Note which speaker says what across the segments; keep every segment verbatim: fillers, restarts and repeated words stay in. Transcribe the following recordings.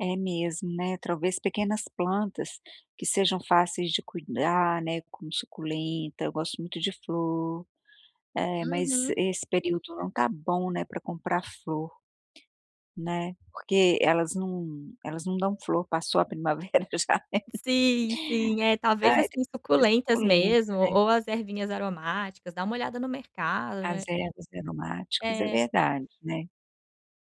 Speaker 1: É mesmo, né, talvez pequenas plantas que sejam fáceis de cuidar, né, como suculenta, eu gosto muito de flor, mas
Speaker 2: Uhum.
Speaker 1: esse período não está bom não é para comprar flor, né, porque elas não elas não dão flor passou a primavera, já.
Speaker 2: Sim, sim. É, talvez assim suculentas
Speaker 1: Suculenta
Speaker 2: mesmo,
Speaker 1: né?
Speaker 2: ou as ervinhas aromáticas dá uma olhada no mercado,
Speaker 1: As
Speaker 2: né.
Speaker 1: ervas aromáticas é
Speaker 2: É.
Speaker 1: verdade, né.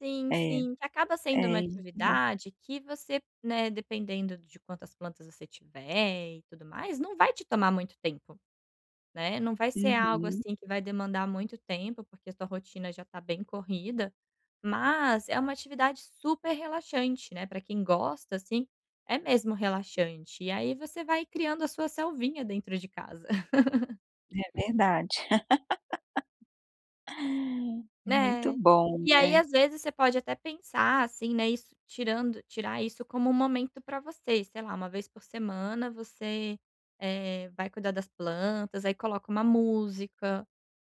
Speaker 2: Sim
Speaker 1: É, é
Speaker 2: sim, que acaba sendo uma
Speaker 1: então.
Speaker 2: atividade que você, né, dependendo de quantas plantas você tiver e tudo mais, não vai te tomar muito tempo, né, não vai ser algo
Speaker 1: Uhum.
Speaker 2: assim que vai demandar muito tempo porque a sua rotina já está bem corrida, mas é uma atividade super relaxante, né, para quem gosta assim é mesmo relaxante e aí você vai criando a sua selvinha dentro de casa.
Speaker 1: É verdade. Muito
Speaker 2: Né,
Speaker 1: bom,
Speaker 2: e aí
Speaker 1: né.
Speaker 2: às vezes você pode até pensar assim, né, isso tirando, tirar isso como um momento para você sei lá uma vez por semana você, eh, vai cuidar das plantas aí coloca uma música,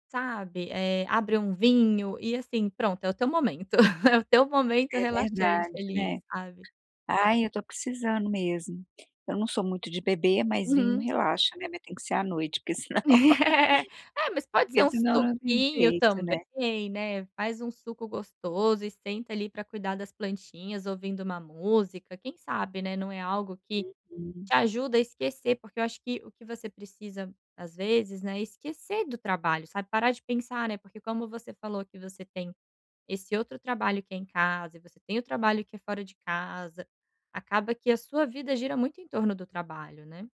Speaker 2: sabe? Eh, abre um vinho e assim pronto é o teu momento, é o teu momento
Speaker 1: É
Speaker 2: relaxante
Speaker 1: verdade,
Speaker 2: feliz
Speaker 1: né,
Speaker 2: sabe?
Speaker 1: ai eu estou precisando mesmo, eu não sou muito de beber mas vinho
Speaker 2: Uhum.
Speaker 1: relaxa, né, mas tem que ser à noite porque senão,
Speaker 2: É mas pode ser
Speaker 1: porque
Speaker 2: um
Speaker 1: senão não tem
Speaker 2: suquinho
Speaker 1: jeito, né.
Speaker 2: também, né, faz um suco gostoso e senta ali para cuidar das plantinhas ouvindo uma música, quem sabe, né, não é algo que
Speaker 1: Uhum.
Speaker 2: te ajuda a esquecer porque eu acho que o que você precisa às vezes, né, esquecer do trabalho sabe parar de pensar, né, porque como você falou que você tem esse outro trabalho que é em casa e você tem o trabalho que é fora de casa, acaba que a sua vida gira muito em torno do trabalho, né.